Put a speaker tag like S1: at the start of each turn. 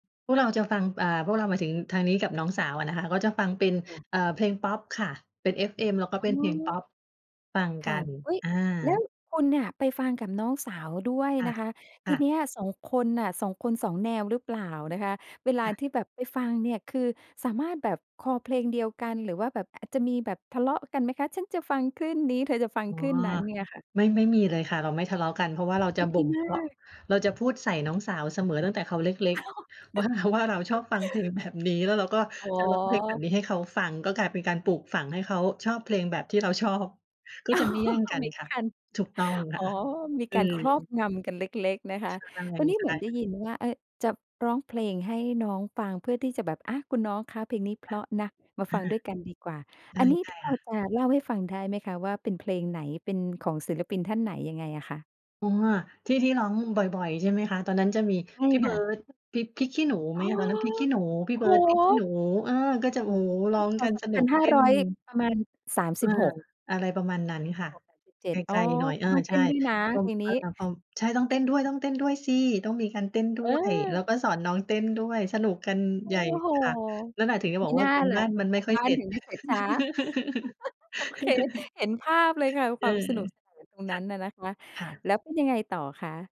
S1: พวกเราจะฟัง อ่า พวกเราหมายถึงทางนี้กับน้องสาวอะนะคะ ก็จะฟังเป็น
S2: ค่ะ
S1: เออ เพลงพอปค่ะ เป็น FM แล้วก็เ
S2: อ
S1: ป็
S2: ๋
S1: นเพลงพ
S2: อ
S1: อป ฟังก
S2: ค
S1: ั
S2: ่ะ
S1: น
S2: อุ๊ย
S1: อ
S2: แล้ว
S1: า
S2: คุณเนี่ย ไปฟังกับน้องสาวด้วย
S1: อา
S2: นะคะ
S1: อ
S2: ที
S1: า
S2: เนี้ย 2 คนน่ะ 2 คน 2 แนวหรือเปล่านะคะ? เวล
S1: ค
S2: า
S1: ่ะ
S2: ที่แบบไปฟังเนี่ย คือสามารถแบบคอเพลงเดียวกัน หรือว่าแบบอาจจะมีแบบทะเลาะกันไหมคะ ฉันจะฟังคลื่นนี้ เธอจะฟัง
S1: อ๋อ
S2: คลื่นนั้นเนี่ยค่ะ?
S1: ไม่ ไม่มีเลยค่ะ เราไม่ทะเลาะกัน เพราะว่าเรา
S2: โอ
S1: จ
S2: ้
S1: ะ
S2: ด
S1: บ
S2: ี
S1: ่ม
S2: ม
S1: เพ
S2: า
S1: าะ
S2: ก
S1: เราจะพูดใส่น้องสาวเสมอ ตั้งแต่เขาเล็ก ๆ ว่า ว่าเราชอบฟังเพลงแบบนี้ แล้วเราก็
S2: อ๋
S1: จะร้องเพลงแบบ
S2: อ
S1: นี้ให้เขาฟัง ก็กลายเป็นการปลูกฝัง ให้เขาชอบเพลงแบบที่เราชอบ ก็
S2: อ๋อ
S1: จะไม่แย่ง
S2: ต้อ
S1: ก
S2: ง
S1: ันค่ะ ถูกต้องค
S2: อ
S1: ่
S2: ๋อ
S1: ะ
S2: มี
S1: อื
S2: การครอบ
S1: อ
S2: งำกันเล็ก ๆ นะคะ ตอนนี้
S1: ใ
S2: เ
S1: ช
S2: หมื
S1: ่
S2: อนได้
S1: ๆ
S2: ยินว่า อา จะร้องเพลงให้น้องฟัง เพื่อที่จะแบบ อา คุณน้องคะ เพลงนี้เพราะนะ มา
S1: อา
S2: ฟังด้วยกันดีกว่า
S1: ใช
S2: อั
S1: ่
S2: นนี้
S1: ใช่
S2: พ
S1: ค
S2: อ
S1: ่ะ
S2: จะเล่าให้ฟังได้ไหมคะว่า เป็นเพลงไหน เป็นของศิลปินท่านไหนยังไงอะคะ?
S1: ตัวที่ ที่ร้องบ่อย ๆ ใช่ไหมคะ ตอนนั้นจะมี
S2: ใช่
S1: พี่เ
S2: ค
S1: บิ
S2: ่ะ
S1: ร์ด พริก พริกขี้หนูไ
S2: อ
S1: ห
S2: ๋
S1: ม
S2: อ
S1: ตอนนั้น พริกขี้หนู พี
S2: โ
S1: ่
S2: อ้
S1: เ
S2: โ
S1: บิร์ด พริกขี้หน
S2: ฮ
S1: ู เออ ก็จะ โอ้ ร
S2: พ.
S1: ้องกัน
S2: ศ. สอ
S1: ส
S2: ง
S1: น
S2: พ
S1: ุ
S2: ัน
S1: ก
S2: ห้
S1: เต
S2: า
S1: ้น
S2: ร้อย ประมาณ สาม
S1: เ
S2: ส
S1: อ
S2: ิ
S1: อ
S2: บหก
S1: อะไรประมาณนั้
S2: สา
S1: น
S2: มส
S1: ค
S2: ิบ
S1: ่ะ
S2: หกสามสิบเจ
S1: ไ
S2: ็ด อ
S1: ก
S2: ๋อ
S1: ล ๆ หน่อย
S2: ค
S1: เ
S2: ุ
S1: ออ
S2: ณต้องเ
S1: ใช
S2: ต้
S1: ่
S2: นด้วยนะ
S1: ว
S2: เพ
S1: ง
S2: ลง
S1: ค
S2: น
S1: ่า
S2: ี
S1: ย
S2: ้
S1: น้าป้อม ใช่ ต้องเต้นด้วย ต้องเต้นด้วยสิ ต้องมีการเต้นด้
S2: เ
S1: วย แล้ว
S2: ออ
S1: ก็สอนน้องเต้นด้วย สนุกกัน
S2: โอ
S1: ใ
S2: ้
S1: หญ่
S2: โฮ
S1: ค่ะ นั่นแหละ ถึงจะ
S2: ม
S1: บ
S2: ิ
S1: อกว
S2: น
S1: ่า
S2: ่า
S1: การ
S2: ล
S1: บ
S2: ่ะ
S1: ้านมันไ
S2: ก
S1: ม่
S2: าร
S1: ค่อ
S2: บ
S1: ย
S2: ้า
S1: เส
S2: น
S1: ร็จ
S2: ถึงได้เสร็จช้า โอเค เห็นภาพเลยค่ะ
S1: เ
S2: ค
S1: อ
S2: ว
S1: อ
S2: ามสนุกสนานตรง
S1: ค
S2: นั
S1: ่
S2: ้
S1: ะ
S2: นอะนะคะ
S1: ค่ะ
S2: แล้วเป็นยังไงต่อคะ?